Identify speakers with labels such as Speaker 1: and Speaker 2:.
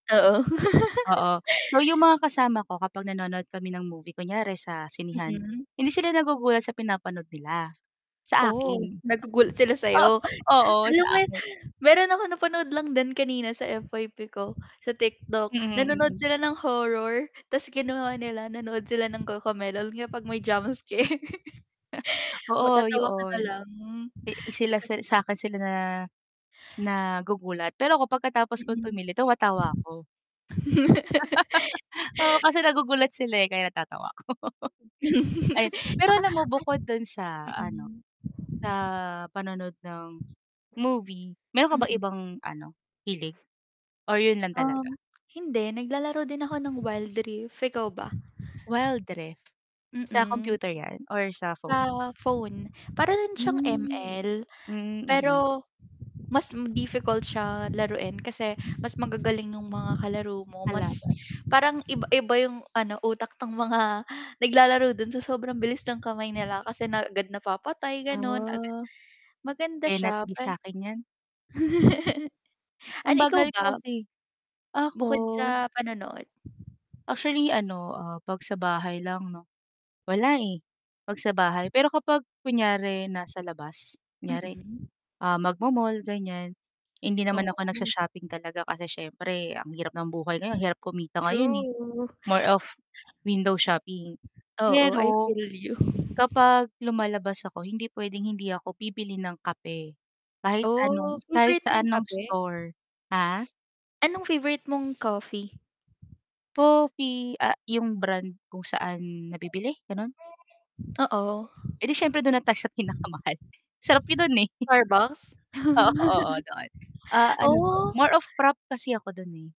Speaker 1: Oo.
Speaker 2: Oo. So yung mga kasama ko kapag nanonood kami ng movie, kunyari sa sinehan
Speaker 1: Mm.
Speaker 2: hindi sila nagugulat sa pinapanood nila, sa
Speaker 1: Oh,
Speaker 2: akin.
Speaker 1: nagugulat sila
Speaker 2: Oo,
Speaker 1: sayo.
Speaker 2: oo sa
Speaker 1: Alam mo yun
Speaker 2: akin.
Speaker 1: meron akong napanood lang din kanina sa FYP ko sa TikTok,
Speaker 2: Mhm,
Speaker 1: nanonood
Speaker 2: mm.
Speaker 1: sila ng horror ta's ginawa nila nanonood sila ng cocomelon nga 'pag may jump scare
Speaker 2: Oo
Speaker 1: Matatawa ka
Speaker 2: yoon.
Speaker 1: na lang, hmm.
Speaker 2: E sila
Speaker 1: Ka
Speaker 2: si sakin sila na nagugulat pero ako pagkatapos kong
Speaker 1: Mm.
Speaker 2: tumili, tumatawa ako. Oo, kasi nagugulat sila, eh, kaya natatawa ako. Ay, pero alam
Speaker 1: 'Tsaka
Speaker 2: mo bukod dun sa
Speaker 1: an
Speaker 2: ano
Speaker 1: mm.
Speaker 2: sa panonood ng movie, meron ka bang
Speaker 1: Mhm.
Speaker 2: ibang ano hilig or yun lang talaga?
Speaker 1: Um, hindi, naglalaro din ako ng Wild Rift, ikaw ba?
Speaker 2: Wild Rift, sa
Speaker 1: Mm.
Speaker 2: computer yan, or sa phone?
Speaker 1: Sa phone, para rin siyang
Speaker 2: Hmm.
Speaker 1: ML,
Speaker 2: Hmm, mm.
Speaker 1: pero mas difficult siya laruin kasi mas magagaling yung mga kalaro mo, mas
Speaker 2: Kalaban.
Speaker 1: parang iba-iba 'yong ano utak ng mga naglalaro dun sa sobrang bilis ng kamay nila kasi na agad napapatay gano'n, agad
Speaker 2: Ah.
Speaker 1: maganda
Speaker 2: Cannot
Speaker 1: siya,
Speaker 2: be
Speaker 1: ay
Speaker 2: sa'kin yan. Ang
Speaker 1: Ano ikaw
Speaker 2: bagal ko
Speaker 1: ba?
Speaker 2: kasi. Ako
Speaker 1: Bukod sa panonood?
Speaker 2: actually ano, ah, 'pag sa bahay lang 'no wala, eh, 'pag sa bahay. Pero kapag kunyari nasa labas, kunyari,
Speaker 1: Mm.
Speaker 2: ah, mag-mo-mall ganiyan, hindi naman ako
Speaker 1: Oh.
Speaker 2: nag-sho-shopping talaga kasi siyempre ang hirap ng buhay ngayon ang hirap kumita ngayon, eh.
Speaker 1: True.
Speaker 2: More of window shopping
Speaker 1: Oo, I
Speaker 2: pero
Speaker 1: feel you.
Speaker 2: kapag lumalabas ako hindi puwedeng hindi ako bibili ng kape kahit
Speaker 1: Oh,
Speaker 2: anong kahit
Speaker 1: favorite mo yung
Speaker 2: saan ng
Speaker 1: kape?
Speaker 2: store. Ha?
Speaker 1: Anong favorite mong coffee?
Speaker 2: Coffee, ah yung brand kung saan nabibili gano'n?
Speaker 1: Oo.
Speaker 2: Eh, di siyempre dun na tayo sa pinakamahal, sarap niyo dun, eh.
Speaker 1: Starbucks.
Speaker 2: O oo doon. A ano ba,
Speaker 1: Oh.
Speaker 2: more of frappe kasi ako dun, eh.